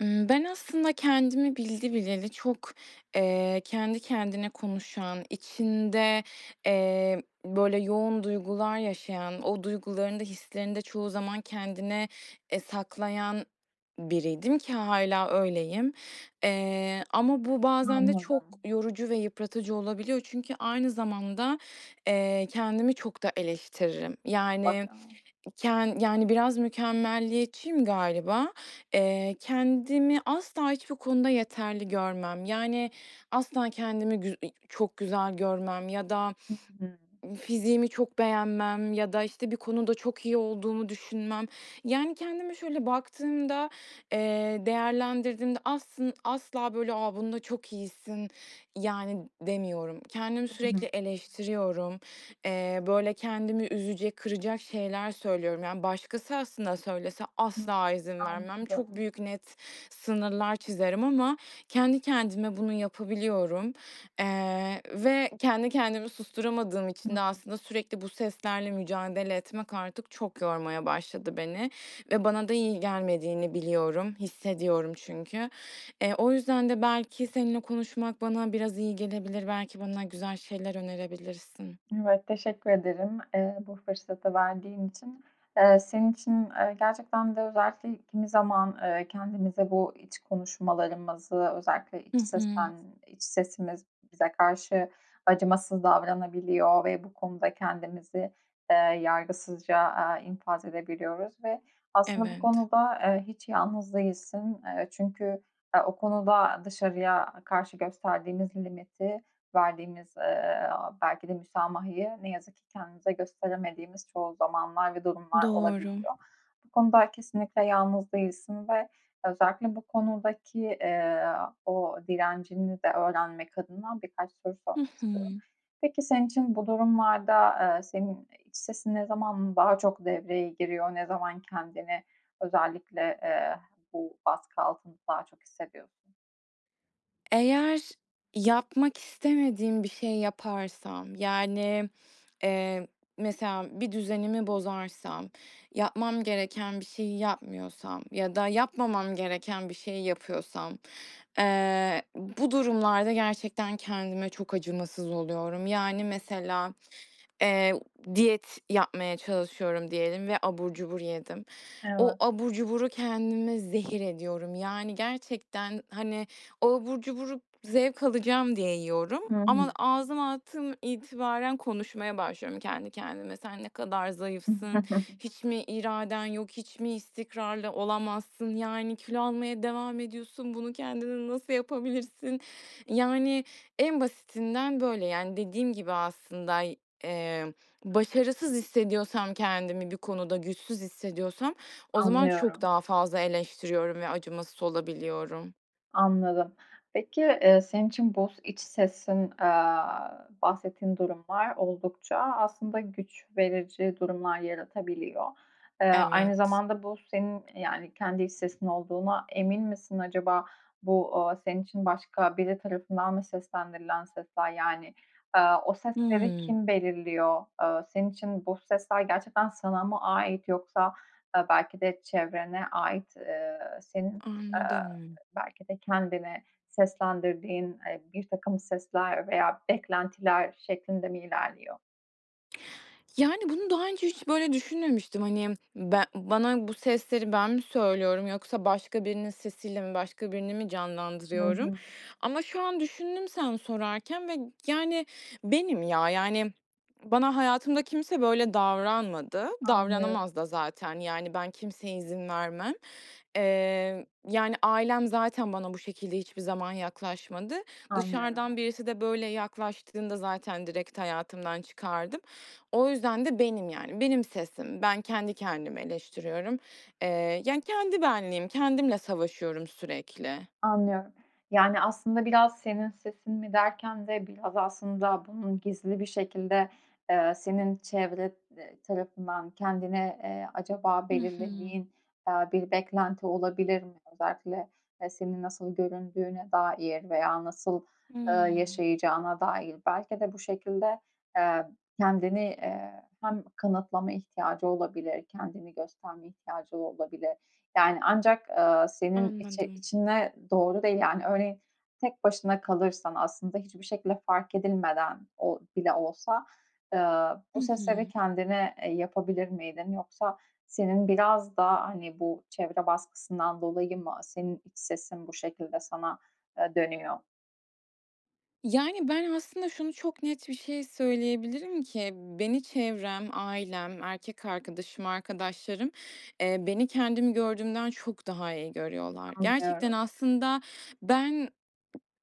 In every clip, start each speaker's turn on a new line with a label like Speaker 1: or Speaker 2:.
Speaker 1: Iıı, ben aslında kendimi bildi bileli çok, eee, kendi kendine konuşan, içinde, eee, böyle, yoğun duygular yaşayan, o duygularını da hislerini de çoğu zaman kendine, eee, saklayan biriydim ki hâlâ öyleyim. Eee, ama bu bazen de çok
Speaker 2: Anladım.
Speaker 1: yorucu ve yıpratıcı olabiliyor. Çünkü aynı zamanda, eee, kendimi çok da eleştiririm. Yani,
Speaker 2: Mutlaka.
Speaker 1: ken yani, biraz mükemmeliyetçiyim galiba. Eee, kendimi asla hiçbir konuda yeterli görmem. Yani, asla kendimi güz [unintelligible] çok güzel görmem ya da
Speaker 2: Hı hı.
Speaker 1: fiziğimi çok beğenmem ya da, işte, bir konuda çok iyi olduğumu düşünmem. Yani, kendime şöyle baktığımda, eee, değerlendirdiğimde aslın asla böyle a "Bunda çok iyisin." Yani, demiyorum. Kendimi
Speaker 2: Hı hı.
Speaker 1: sürekli eleştiriyorum. Eee, böyle, kendimi üzecek, kıracak şeyler söylüyorum. Yani, başkası aslında söylese
Speaker 2: Hı.
Speaker 1: asla izin vermem. Çok
Speaker 2: Anladım.
Speaker 1: büyük, net sınırlar çizerim ama kendi kendime bunu yapabiliyorum, eee, ve kendi kendimi susturamadığım
Speaker 2: Hı
Speaker 1: için de
Speaker 2: hı.
Speaker 1: aslında sürekli bu seslerle mücadele etmek artık çok yormaya başladı beni. Ve bana da iyi gelmediğini biliyorum, hissediyorum çünkü. Eee, o yüzden de belki seninle konuşmak bana biraz iyi gelebilir. Belki bana güzel şeyler önerebilirsin.
Speaker 2: Evet, teşekkür ederim, eee, bu fırsatı verdiğin için. Iıı, senin için, ııı, gerçekten de özellikle kimi zaman, ııı, kendimize bu iç konuşmalarımızı, özellikle iç
Speaker 1: Hı hı.
Speaker 2: sesten iç sesimiz bize karşı acımasız davranabiliyor ve bu konuda kendimizi, eee, yargısızca, aaa, infaz edebiliyoruz. Ve aslında bu
Speaker 1: Evet.
Speaker 2: konuda, eee, hiç yalnız değilsin. Eee, çünkü ya, o konuda dışarıya karşı gösterdiğimiz limiti, verdiğimiz, eee, belki de müsamahayı ne yazık ki kendimize gösteremediğimiz çoğu zamanlar ve durumlar
Speaker 1: Doğru.
Speaker 2: olabiliyor. Bu konuda kesinlikle yalnız değilsin ve özellikle bu konudaki, eee, o direncini de öğrenmek adına birkaç soru
Speaker 1: Hı
Speaker 2: sormak istiyorum.
Speaker 1: hı.
Speaker 2: Peki, senin için bu durumlarda, ııı, senin iç sesin ne zaman daha çok devreye giriyor? Ne zaman kendini özellikle, eee, bu baskı altında daha çok hissediyorsun?
Speaker 1: Eğer yapmak istemediğim bir şey yaparsam, yani, eee, mesela, bir düzenimi bozarsam, yapmam gereken bir şeyi yapmıyorsam ya da yapmamam gereken bir şeyi yapıyorsam, eee, bu durumlarda gerçekten kendime çok acımasız oluyorum. Yani, mesela, eee, u diyet yapmaya çalışıyorum diyelim ve abur cubur yedim. O
Speaker 2: Evet.
Speaker 1: abur cuburu kendime zehir ediyorum. Yani, gerçekten, hani, o abur cuburu zevk alacağım diye yiyorum
Speaker 2: Hı hı.
Speaker 1: ama ağzıma attığım itibaren konuşmaya başlıyorum kendi kendime. "Sen ne kadar zayıfsın? Hiç mi iraden yok? Hiç mi istikrarlı olamazsın? Yani, kilo almaya devam ediyorsun. Bunu kendine nasıl yapabilirsin?" Yani, en basitinden böyle. Yani, dediğim gibi aslında y eee, başarısız hissediyorsam kendimi bir konuda, güçsüz hissediyorsam o zaman çok
Speaker 2: Anlıyorum.
Speaker 1: daha fazla eleştiriyorum ve acımasız olabiliyorum.
Speaker 2: Anladım. Peki, eee, senin için bu iç sesin, aaa, bahsettiğin durumlar oldukça aslında güç verici durumlar yaratabiliyor. Eee, aynı
Speaker 1: Evet.
Speaker 2: zamanda bu senin, eee, yani, kendi iç sesin olduğuna emin misin acaba? Bu, aaa, senin için başka biri tarafından mı seslendirilen sesler? Yani, aaa, o sesleri
Speaker 1: Hıı.
Speaker 2: kim belirliyor? Aaa, senin için bu sesler gerçekten sana mı ait yoksa, aaa, belki de çevrene ait, eee, senin, eee,
Speaker 1: Anladım.
Speaker 2: belki de kendine seslendirdiğin, eee, birtakım sesler veya beklentiler şeklinde mi ilerliyor?
Speaker 1: Yani, bunu daha önce hiç böyle düşünmemiştim. Hani, ben bana bu sesleri ben mi söylüyorum, yoksa başka birinin sesiyle mi, başka birini mi
Speaker 2: Hı
Speaker 1: canlandırıyorum?
Speaker 2: hı.
Speaker 1: Ama şu an düşündüm sen sorarken ve, yani, benim ya. Yani, bana hayatımda kimse böyle davranmadı.
Speaker 2: Anlıyorum.
Speaker 1: Davranamaz da zaten. Yani, ben kimseye izin vermem. Eee, yani, ailem zaten bana bu şekilde hiçbir zaman yaklaşmadı.
Speaker 2: Anlıyorum.
Speaker 1: Dışarıdan birisi de böyle yaklaştığında zaten direkt hayatımdan çıkardım. O yüzden de benim, yani. Benim sesim. Ben kendi kendimi eleştiriyorum. Eee, yani kendi benliğim, kendimle savaşıyorum sürekli.
Speaker 2: Anlıyorum. Yani, aslında biraz senin sesin mi derken de biraz aslında bunun gizli bir şekilde, eee, senin çevre, eee, tarafından kendine, eee, acaba
Speaker 1: I hı.
Speaker 2: belirlediğin, eee, bir beklenti olabilir mi? Özellikle, eee, senin nasıl göründüğüne dair veya nasıl, eee,
Speaker 1: Imm.
Speaker 2: yaşayacağına dair? Belki de bu şekilde, eee, kendini, eee, hem kanıtlama ihtiyacı olabilir, kendini gösterme ihtiyacı olabilir. Yani, ancak, eee, senin içi
Speaker 1: Anladım.
Speaker 2: içine doğru değil. Yani, örneğin tek başına kalırsan, aslında hiçbir şekilde fark edilmeden, o bile olsa, eee, bu
Speaker 1: I
Speaker 2: sesleri
Speaker 1: hı.
Speaker 2: kendine, eee, yapabilir miydin? Yoksa senin biraz da, hani, bu çevre baskısından dolayı mı senin iç sesin bu şekilde sana, eee, dönüyor?
Speaker 1: Yani, ben aslında şunu çok net bir şey söyleyebilirim ki; beni çevrem, ailem, erkek arkadaşım, arkadaşlarım, eee, beni kendimi gördüğümden çok daha iyi görüyorlar. Gerçekten
Speaker 2: Anlıyorum.
Speaker 1: aslında ben,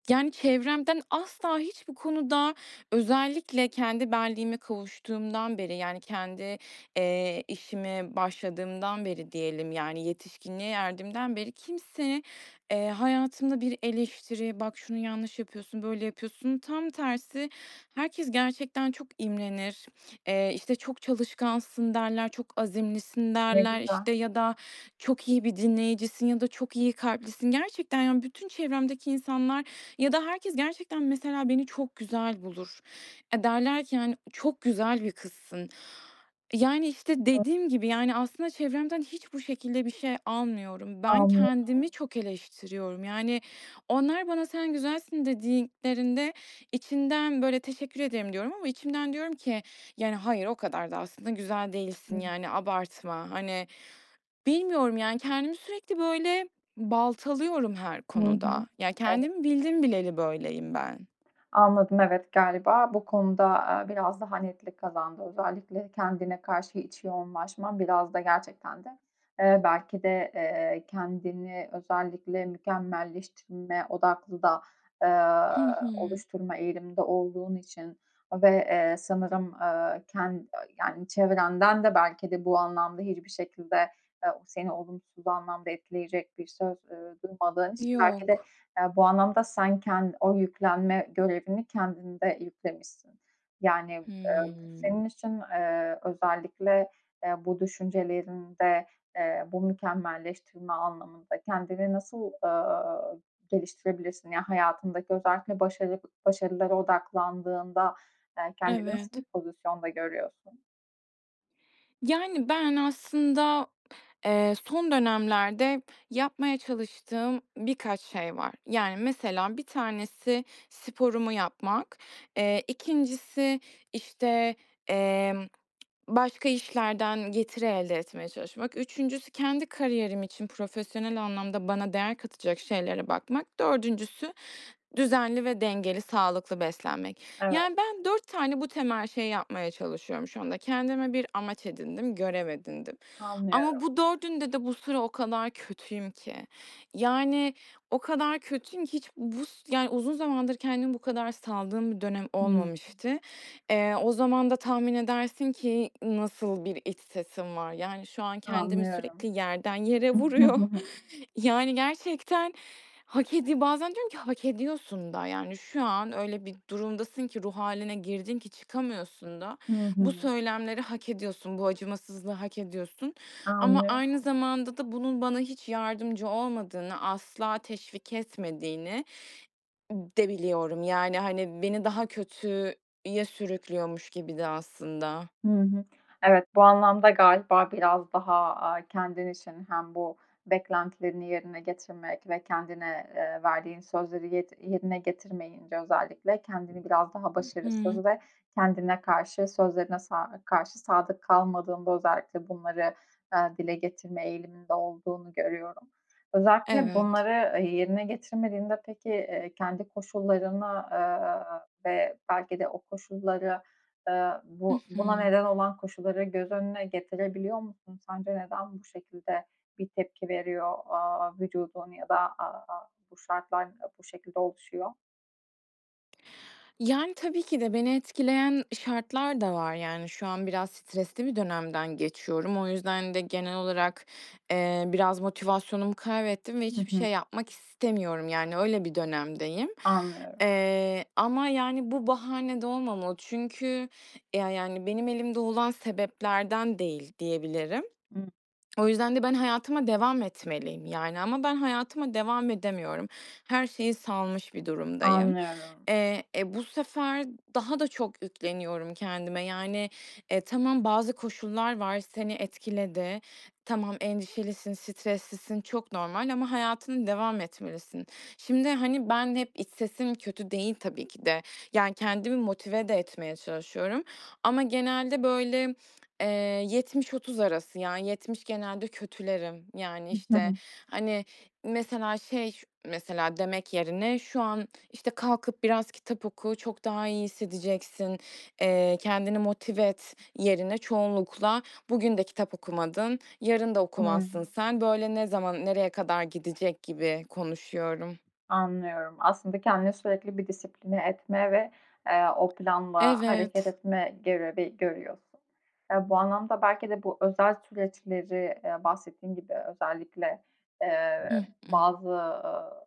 Speaker 1: yani, çevremden asla hiçbir konuda, özellikle kendi benliğime kavuştuğumdan beri, yani kendi, eee, işime başladığımdan beri diyelim, yani yetişkinliğe erdiğimden beri, kimse, eee, hayatımda bir eleştiri, "Bak şunu yanlış yapıyorsun, böyle yapıyorsun." Tam tersi, herkes gerçekten çok imrenir. Eee, işte, "Çok çalışkansın." derler. "Çok azimlisin."
Speaker 2: Ne
Speaker 1: derler.
Speaker 2: güzel.
Speaker 1: İşte, ya da "Çok iyi bir dinleyicisin." Ya da "Çok iyi kalplisin." Gerçekten, yani, bütün çevremdeki insanlar ya da herkes, gerçekten, mesela, beni çok güzel bulur. Eee, derler ki, hani, "Çok güzel bir kızsın." Yani, işte,
Speaker 2: [unintelligible]
Speaker 1: dediğim gibi, yani aslında çevremden hiç bu şekilde bir şey almıyorum. Ben
Speaker 2: Anlıyorum.
Speaker 1: kendimi çok eleştiriyorum. Yani, onlar bana "Sen güzelsin." dediklerinde, içimden böyle, "Teşekkür ederim." diyorum ama içimden diyorum ki, "Yani, hayır, o kadar da aslında güzel değilsin.
Speaker 2: Hı.
Speaker 1: Yani, abartma." Hani, bilmiyorum. Yani, kendimi sürekli böyle baltalıyorum her
Speaker 2: Hı hı,
Speaker 1: konuda. Ya,
Speaker 2: evet.
Speaker 1: kendimi bildim bileli böyleyim ben.
Speaker 2: Anladım, evet. Galiba bu konu da, aaa, biraz daha netlik kazandı. Özellikle, kendine karşı iç yoğunlaşman biraz da gerçekten de, eee, belki de, eee, kendini özellikle mükemmelleştirme odaklı da, eee,
Speaker 1: Hı hı.
Speaker 2: oluşturma eğiliminde olduğun için ve, eee, sanırım, aaa, ken yani çevrenden de belki de bu anlamda hiçbir şekilde, eee, seni olumsuz anlamda etkileyecek bir söz, ııı, duymadığın için belki de,
Speaker 1: Yok.
Speaker 2: eee, bu anlamda sen ken o yüklenme görevini kendinde yüklemişsin. Yani, eee, bu
Speaker 1: Hıı.
Speaker 2: senin için, eee, özellikle, eee, bu düşüncelerinde, eee, bu mükemmelleştirme anlamında kendini nasıl, ııı, geliştirebilirsin? Yani, hayatındaki özellikle başarı başarılara odaklandığında, eee, kendini nasıl bir
Speaker 1: Evet.
Speaker 2: pozisyonda görüyorsun?
Speaker 1: Yani, ben aslında eee, son dönemlerde yapmaya çalıştığım birkaç şey var. Yani, mesela 1 tanesi sporumu yapmak. Eee, 2'ncisi, işte, emm, başka işlerden getiri elde etmeye çalışmak, 3'üncüsü kendi kariyerim için profesyonel anlamda bana değer katacak şeylere bakmak, 4'üncüsü düzenli ve dengeli, sağlıklı beslenmek.
Speaker 2: Evet.
Speaker 1: Yani, ben, 4 tane bu temel şeyi yapmaya çalışıyorum şu anda. Kendime bir amaç edindim, görev edindim. Ama
Speaker 2: Anlıyorum.
Speaker 1: bu 4'ünde de bu sıra o kadar kötüyüm ki. Yani, o kadar kötüyüm ki hiç bus yani, uzun zamandır kendimi bu kadar saldığım bir dönem
Speaker 2: Hıı.
Speaker 1: olmamıştı. Eee, o zaman da tahmin edersin ki nasıl bir iç sesim var? Yani, şu an kendimi sürekli
Speaker 2: Anlıyorum.
Speaker 1: yerden yere vuruyor. Yani, gerçekten hak edi Bazen diyorum ki, "Hak ediyorsun da, yani, şu an öyle bir durumdasın ki, ruh hâline girdin ki çıkamıyorsun da.
Speaker 2: Hı
Speaker 1: Bu
Speaker 2: hı.
Speaker 1: söylemleri hak ediyorsun, bu acımasızlığı hak ediyorsun." Ama
Speaker 2: Anlıyorum.
Speaker 1: aynı zamanda da bunun bana hiç yardımcı olmadığını, asla teşvik etmediğini de biliyorum. Yani, hani, beni daha kötüye sürüklüyormuş gibi de aslında.
Speaker 2: Hı hı. Evet, bu anlamda galiba biraz daha, aaa, kendin için hem bu beklentilerini yerine getirmek ve kendine, eee, verdiğin sözleri yed yerine getirmeyince özellikle kendini biraz daha
Speaker 1: Hı hı.
Speaker 2: başarısız ve kendine karşı, sözlerine sa karşı sadık kalmadığında özellikle bunları, ııı, dile getirme eğiliminde olduğunu görüyorum. Özellikle
Speaker 1: Evet.
Speaker 2: bunları yerine getirmediğinde, peki, eee, kendi koşullarına, ııı, ve belki de o koşullara, aaa,
Speaker 1: Hı
Speaker 2: bu buna
Speaker 1: hı.
Speaker 2: neden olan koşulları göz önüne getirebiliyor musun? Sence neden bu şekilde bir tepki veriyor, aaa, vücudun ya da, aaa, bu şartlar bu şekilde oluşuyor?
Speaker 1: Yani, tabii ki de beni etkileyen şartlar da var. Yani, şu an biraz stresli bir dönemden geçiyorum. O yüzden de genel olarak, ııı, biraz motivasyonumu kaybettim ve
Speaker 2: Hı
Speaker 1: hiçbir
Speaker 2: hı.
Speaker 1: şey yapmak istemiyorum. Yani, öyle bir dönemdeyim,
Speaker 2: Anlıyorum.
Speaker 1: ııı, ama, yani, bu bahane de olmamalı. Çünkü ya yani, benim elimde olan sebeplerden değil, diyebilirim. O yüzden de ben hayatıma devam etmeliyim, yani. Ama ben hayatıma devam edemiyorum. Her şeyi salmış bir durumdayım.
Speaker 2: Anlıyorum.
Speaker 1: Eee, e, bu sefer daha da çok yükleniyorum kendime. Yani, e, tamam bazı koşullar var, seni etkiledi. Tamam, endişelisin, streslisin, çok normal ama hayatına devam etmelisin. Şimdi, hani, ben hep iç sesim kötü değil, tabii ki de. Yani, kendimi motive de etmeye çalışıyorum, ama genelde böyle, eee, 70-30 arası, yani, 70 genelde kötülerim. Yani, işte,
Speaker 2: [unintelligible]
Speaker 1: hani, mesela şey ş mesela, demek yerine şu an, işte, "Kalkıp biraz kitap oku, çok daha iyi hissedeceksin, eee, kendini motive et." yerine çoğunlukla bugün de "Kitap okumadın, yarın da
Speaker 2: Doğru.
Speaker 1: okumazsın sen. Böyle ne zaman nereye kadar gidecek?" gibi konuşuyorum.
Speaker 2: Anlıyorum. Aslında kendini sürekli bir disipline etme ve, eee, o planla hareket
Speaker 1: Evet.
Speaker 2: etme görevi görüyorsun. Ya, bu anlamda belki de bu özel süreçleri, eee, bahsettiğin gibi özellikle, eee,
Speaker 1: Hı hı.
Speaker 2: bazı, ııı,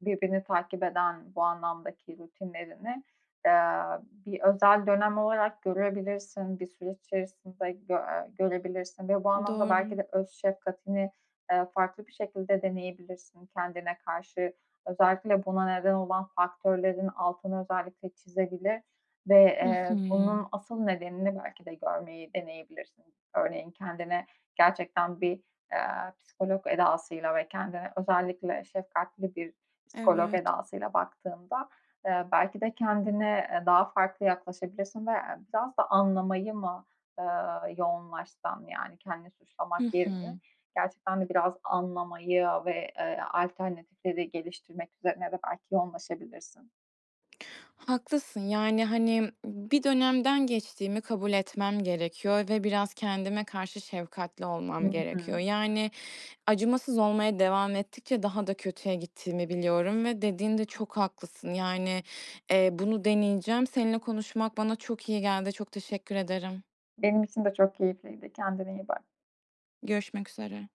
Speaker 2: birbirini takip eden bu anlamdaki rutinlerini, eee, bir özel dönem olarak görebilirsin, bir süreç içerisinde gö eee, görebilirsin ve bu anlamda belki
Speaker 1: Doğru.
Speaker 2: de öz şefkatini, eee, farklı bir şekilde deneyebilirsin kendine karşı. Özellikle buna neden olan faktörlerin altını özellikle çizebilir ve,
Speaker 1: Hı hı.
Speaker 2: eee, bunun asıl nedenini belki de görmeyi deneyebilirsin. Örneğin; kendine gerçekten bir, eee, psikolog edasıyla ve kendine özellikle şefkatli bir psikolog
Speaker 1: Evet.
Speaker 2: edasıyla baktığında, eee, belki de kendine, eee, daha farklı yaklaşabilirsin veya biraz da anlamayı mı, ııı, yoğunlaşsan, yani, kendini suçlamak
Speaker 1: Hı hı.
Speaker 2: yerine? Gerçekten de biraz anlamayı ve, eee, alternatifleri geliştirmek üzerine de belki yoğunlaşabilirsin.
Speaker 1: Haklısın. Yani, hani, bir dönemden geçtiğimi kabul etmem gerekiyor ve biraz kendime karşı şefkatli
Speaker 2: Hı
Speaker 1: olmam
Speaker 2: hı.
Speaker 1: gerekiyor. Yani, acımasız olmaya devam ettikçe daha da kötüye gittiğimi biliyorum ve dediğinde çok haklısın. Yani, eee, bunu deneyeceğim. Seninle konuşmak bana çok iyi geldi. Çok teşekkür ederim.
Speaker 2: Benim için de çok keyifliydi, kendine iyi bak.
Speaker 1: Görüşmek üzere.